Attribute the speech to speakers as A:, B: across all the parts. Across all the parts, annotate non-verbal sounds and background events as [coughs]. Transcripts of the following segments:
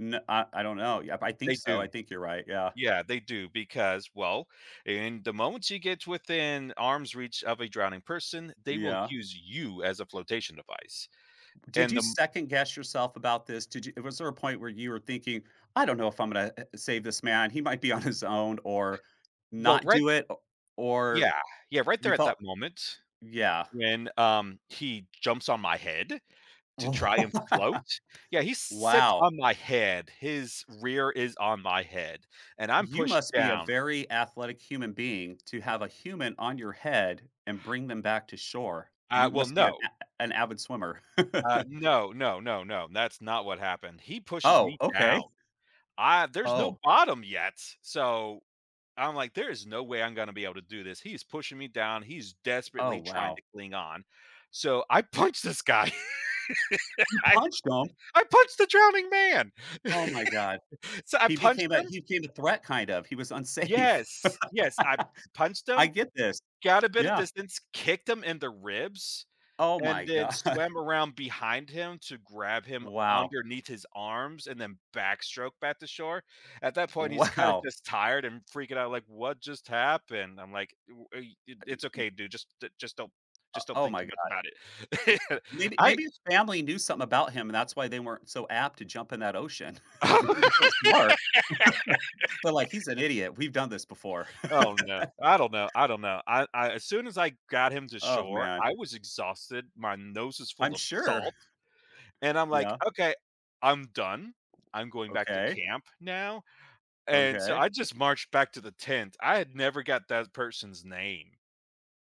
A: N uh, I don't know. Yep, I think
B: They
A: so, I
B: do.
A: think you're right, yeah.
B: Yeah, they do, because, well, i in the moment she gets within arm's reach of a drowning person, they will
A: Yeah.
B: use you as a flotation device,
A: Did
B: and,
A: you
B: um
A: second guess yourself about this? Did you was there a point where you were thinking, "I don't know if I'm gonna a save this man, he might be on his own" or,
B: Well,
A: not
B: right
A: do it o or
B: Yeah. Yeah, right
A: you
B: there at
A: felt
B: that moment,
A: yeah.
B: when, um, he jumps on my head
A: W
B: to try and float
A: [laughs]
B: yeah, he sits
A: Wow.
B: on my head, his rear is on my head and I'm
A: You
B: pushed
A: must be a
B: down.
A: very athletic human being to have a human on your head, and bring them back to shore. You
B: Uh, well,
A: must be an
B: no.
A: a an avid swimmer.
B: Uh,
A: [chuckles]
B: no, no, no, no, that's not what happened. He pushes
A: Oh,
B: me
A: okay.
B: down, ah, there's no
A: Oh.
B: bottom yet, so, I'm like, "There is no way I'm gonna be able to do this, he is pushing me down, he's
A: Oh,
B: desperately trying
A: wow.
B: to cling on." So, I punched this guy,
A: You
B: I
A: punched him!?
B: I punched the drowning man!
A: Oh my god.
B: [laughs] So, I
A: He
B: punched
A: became a
B: him
A: he became a threat kind of, he was unsafe.
B: Yes, yes, I
A: [laughs]
B: punched
A: I
B: him,
A: get this.
B: got a bit of
A: Yeah.
B: distance, kicked him in the ribs,
A: Oh
B: and
A: my
B: then
A: god.
B: swam around behind him to grab him
A: Wow.
B: underneath his arms, and then backstroke back to shore. At that point, he's kinda
A: Wow.
B: just tired and freaking out like, "What just happened?" I'm like, uh, eh,
A: Y
B: "It's
A: y
B: okay, dude, just d just don't
A: O
B: just don't
A: oh
B: think
A: my
B: too
A: God.
B: much about it."
A: w
B: [laughs]
A: maybe may,
B: I
A: e his family knew something about him and that's why they weren't so apt to jump in that ocean, [laughs] they were smart, [laughs] but like,
B: [laughs]
A: he's an idiot, we've done this before.
B: Oh, no.
A: [laughs]
B: I don't know, I don't know, I uh, as soon as I got him to
A: Oh,
B: shore,
A: man.
B: I was exhausted, my nose is
A: I'm
B: full of
A: sure!
B: salt, and I'm like,
A: Yeah.
B: "Okay, I'm done. I'm going back to
A: Okay.
B: camp now." And, so,
A: Okay.
B: I just marched back to the tent, I had never got that person's name.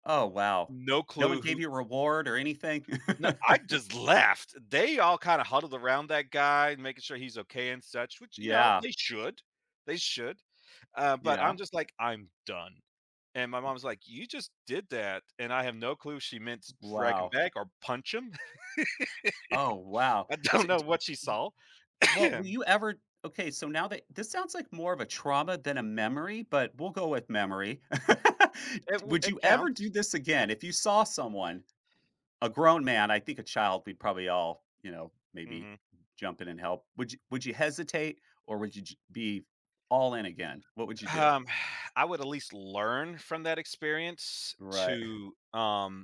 A: Oh, wow.
B: No
A: No one
B: clue
A: gave
B: who
A: you a reward or anything?
B: Na
A: [laughs]
B: I just left, they all kinda huddled around that guy, making sure he's okay and such, which, you know,
A: Yeah.
B: they should. They should. Uh, but
A: Yeah.
B: I'm just like, "I'm done," and my mom's like, "You just did that," and I have no clue if she meant
A: W
B: drag him
A: wow.
B: back or punch him?
A: Oh,
B: [laughs]
A: wow,
B: I don't
A: di
B: know
A: di
B: what she
A: w
B: saw.
A: well, will
B: [coughs]
A: you ever okay, so now that this sounds like more of a trauma than a memory, but we'll go with "memory." [laughs]
B: It
A: D
B: w
A: would
B: it
A: you ever do
B: counts.
A: this again? If you saw someone, a grown man- I think a child we'd probably all, you know, maybe
B: Mhm.
A: jump in and help- would you would you hesitate or would y be all in again? What would you do?
B: Um, [exhales] I would at least learn from that experience
A: Right. [scoffs]
B: to, um